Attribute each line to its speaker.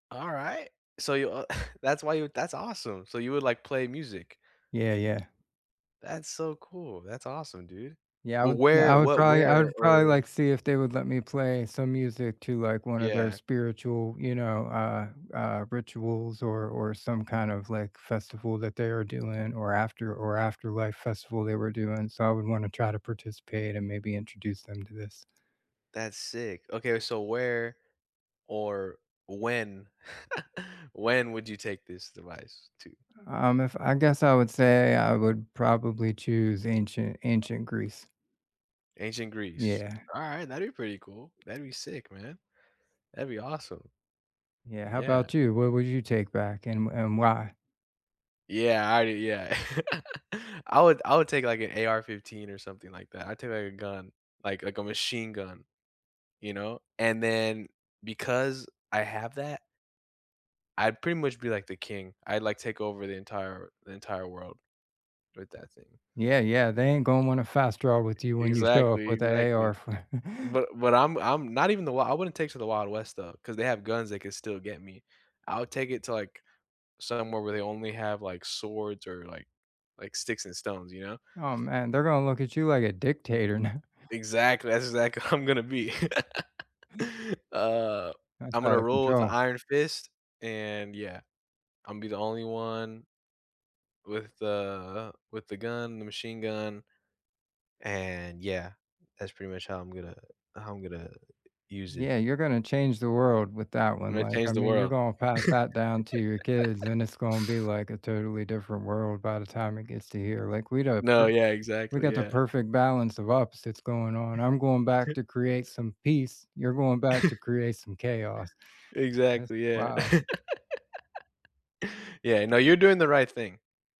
Speaker 1: All right, so you, uh, that's why you that's awesome, so you would, like, play music.
Speaker 2: Yeah, yeah.
Speaker 1: That's so cool. That's awesome, dude.
Speaker 2: Yeah, I
Speaker 1: Well,
Speaker 2: would yeah,
Speaker 1: where
Speaker 2: I would
Speaker 1: what
Speaker 2: probably I
Speaker 1: where
Speaker 2: would probably
Speaker 1: or
Speaker 2: like to see if they would let me play some music to, like, one of their
Speaker 1: Yeah.
Speaker 2: spiritual, you know, uh, uh, rituals or or some, kind of, like, festival that they are doing or after or afterlife festival they were doing, so I would wanna try to participate and maybe introduce them to this.
Speaker 1: That's sick. Okay, so where or when when would you take this device to?
Speaker 2: Um, if I guess I would say I would probably choose ancient ancient Greece.
Speaker 1: Ancient Greece,
Speaker 2: Yeah.
Speaker 1: all right, that'd be pretty cool. That'd be sick, man. That'd be awesome.
Speaker 2: Yeah, how
Speaker 1: Yeah.
Speaker 2: about you? What would you take back and and why?
Speaker 1: Yeah. I do, yeah I would I would take, like, an AR-15 or something like that. I take, like, a gun, like like, a machine gun, you know, and then because I have that I'd pretty much be, like, the king. I'd like take over the entire the entire world with that thing.
Speaker 2: Yeah, yeah, they ain't gonna want a fast draw with you when you show up
Speaker 1: Exactly
Speaker 2: with the AR
Speaker 1: exactly,
Speaker 2: f
Speaker 1: but but I'm I'm not even the wild, I wouldn't take it to the wild west though, cause they have guns they can still get me. I'll take it to, like, somewhere where they only have, like, swords or, like like, sticks, and stones, you know?
Speaker 2: Oh man, they're gonna look at you like a dictator now.
Speaker 1: Exactly, that's exactly I'm gonna be. Uh,
Speaker 2: That's
Speaker 1: I'm gonna
Speaker 2: out of
Speaker 1: rule with a
Speaker 2: control.
Speaker 1: iron fist, and yeah, I'll be the only one with the, uh, with the gun- the machine gun, and yeah, that's pretty much how I'm gonna how I'm gonna use it.
Speaker 2: Yeah, you're gonna change the world with that
Speaker 1: I'm
Speaker 2: one.
Speaker 1: gonna
Speaker 2: Like,
Speaker 1: change
Speaker 2: I
Speaker 1: the
Speaker 2: mean, you're
Speaker 1: world.
Speaker 2: gonna pass that down to your kids, and it's gonna be, like, a totally different world by the time it gets to here. Like we don't a
Speaker 1: No,
Speaker 2: p
Speaker 1: yeah,
Speaker 2: we
Speaker 1: exactly,
Speaker 2: got the
Speaker 1: yeah.
Speaker 2: perfect balance of opposites going on. I'm going back
Speaker 1: t
Speaker 2: to create some peace, you're going back to create some chaos. That's
Speaker 1: Exactly, yeah.
Speaker 2: wild.
Speaker 1: Yeah, no, you're doing the right thing.